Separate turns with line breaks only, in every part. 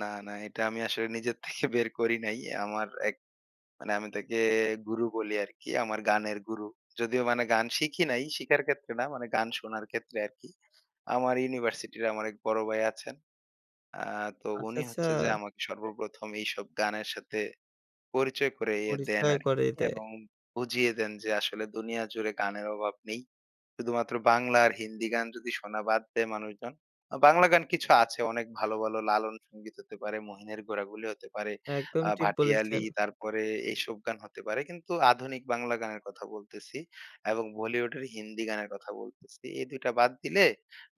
না, না। এটা আমি আসলে নিজের থেকে বের করি নাই। আমার এক মানে আমি তাকে গুরু বলি আরকি। আমার গানের গুরু। যদিও মানে গান শিখি নাই, শিখার ক্ষেত্রে না মানে গান শোনার ক্ষেত্রে আরকি। আমার ইউনিভার্সিটি র আমার এক বড় ভাই আছেন। অ্যা তো
আচ্ছা,
উনি
আচ্ছা।
হচ্ছে যে আমাকে সর্বপ্রথম এইসব গানের সাথে পরিচয় করিয়ে দেন
পরিচয়
আরকি,
করিয়ে দেয়।
এবং বুঝিয়ে দেন যে আসলে দুনিয়া জুড়ে গানের অভাব নেই। শুধুমাত্র বাংলা আর হিন্দি গান যদি শোনা বাদ দেয় মানুষজন। আ বাংলা গান কিছু আছে। অনেক ভালো, ভালো লালন সংগীত হতে পারে, মহিনের ঘোড়াগুলি হতে পারে।
একদম
আ
ঠিক
ভাটিয়ালি
বলেছেন।
তারপরে এসব গান হতে পারে। কিন্তু আধুনিক বাংলা গানের কথা বলতেছি এবং বলিউডের হিন্দি গানের কথা বলতেছি। এই ২ টা বাদ দিলে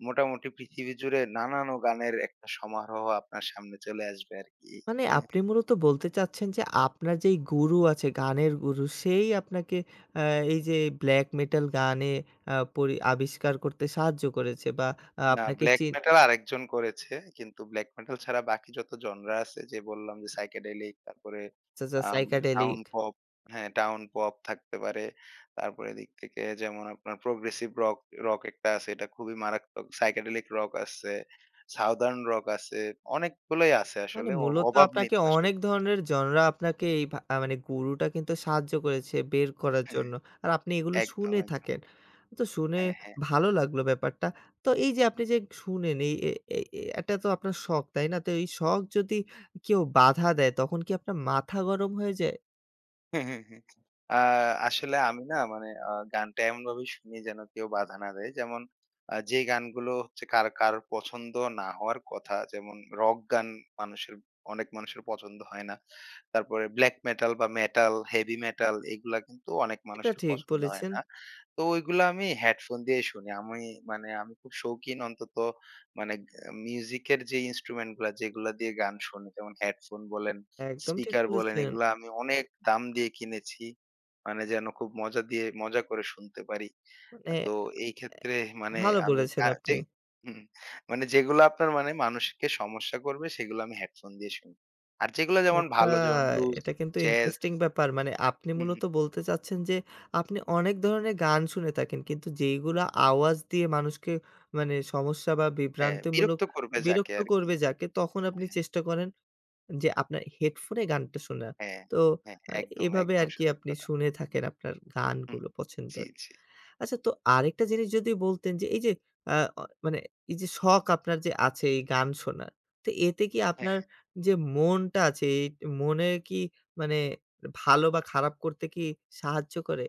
মোটামুটি পৃথিবী জুড়ে নানানো গানের একটা সমারোহ আপনার সামনে চলে আসবে আরকি।
মানে
হ্যাঁ।
আপনি মূলত বলতে চাচ্ছেন যে, আপনার যে গুরু আছে গানের গুরু সেই আপনাকে আ এই যে black metal গানে আ পরি আবিষ্কার করতে সাহায্য করেছে বা
না,
আপনাকে
black
চিন
metal আরেকজন করেছে। কিন্তু black metal ছাড়া বাকি যত জনরা আছে যে বললাম যে, psychedelic, তারপরে
সোজা
আ town
psychedelic।
pop, হ্যাঁ, town pop থাকতে পারে। তারপরে এদিক থেকে যেমন আপনার progressive rock rock একটা আছে। এটা খুবই মারাত্মক। psychedelic rock আছে, southern rock আছে। অনেকগুলোই আছে
মানে
আসলে। অ
মূলত
অভাব নেই
আপনাকে
তো আসলে।
অনেক ধরনের জনরা আপনাকে এই ভা মানে গুরুটা কিন্তু সাহায্য করেছে বের করার
হ্যাঁ, হ্যাঁ।
জন্য। আর আপনি এগুলো
একদম,
শুনে
একদম।
থাকেন। তো শুনে
হ্যাঁ, হ্যাঁ।
ভালো লাগলো ব্যাপারটা। তো এই যে আপনি
হুম।
যে শুনেন। এই এ এ এ এটা তো আপনার শখ তাই না? তো এই শখ যদি কেউ বাধা দেয় তখন কি আপনার মাথা গরম হয়ে যায়?
হ্যাঁ, হ্যাঁ, হ্যাঁ, হ্যাঁ। আ আসলে আমি না মানে আ গানটা এমনভাবে শুনি যেন কেউ বাধা না দেয়। যেমন আ যে গানগুলো হচ্ছে কার কার পছন্দ না হওয়ার কথা যেমন rock গান মানুষের অনেক মানুষের পছন্দ হয় না। তারপরে black metal বা metal, heavy metal এগুলা কিন্তু অনেক
এটা
মানুষের
ঠিক
পছন্দ হয়
বলেছেন।
না। তো ওইগুলা আমি হেডফোন দিয়েই শুনি। আমি মানে আমি খুব শৌখিন অন্তত মানে এ মিউজিক এর যে ইন্সট্রুমেন্ট গুলা যেগুলা দিয়ে গান শুনি, যেমন হেডফোন বলেন,
একদম ঠিক
স্পিকার বলেন
বলেছেন।
এগুলা আমি অনেক দাম দিয়ে কিনেছি। মানে যেন খুব মজা দিয়ে, মজা করে শুনতে পারি।
মানে
আ তো এই
এ
ক্ষেত্রে মানে আমি
ভালো
মানে আমি
বলেছেন
ক্যা
আপনি।
যেই হুম, মানে যেগুলো আপনার মানে মানুষকে সমস্যা করবে, সেগুলো আমি হেডফোন দিয়ে শুনি। আর যেগুলো
ও
যেমন
আচ্ছা,
ভালো যেমন blues,
এটা কিন্তু
jazz
ইন্টারেস্টিং ব্যাপার। মানে আপনি
হু, হু।
মূলত বলতে চাচ্ছেন যে, আপনি অনেক ধরনের গান শুনে থাকেন কিন্তু যেইগুলো আওয়াজ দিয়ে মানুষকে মানে, সমস্যা বা
হ্যাঁ,
বিভ্রান্তিমূলক
বিরক্ত করবে যাকে
বিরক্ত
আরকি।
করবে যাকে তখন
হ্যাঁ,
আপনি
হ্যাঁ।
চেষ্টা করেন যে, আপনার হেডফোনে গানটা শোনার।
হ্যাঁ,
তো
হ্যাঁ।
আ
একদম,
এভাবে
একদম
আরকি
সত্যি
আপনি
কথা।
শুনে থাকেন আপনার
হু, হু।
গানগুলো
জি,
পছন্দের।
জি।
আচ্ছা তো আরেকটা জিনিস যদি বলতেন যে, এই যে আ অ মানে এই যে শখ আপনার যে আছে এই গান শোনার তো এতে কি আপনার
হ্যাঁ।
যে মনটা আছে, এ মনের কি মানে ভালো বা খারাপ করতে কি সাহায্য করে?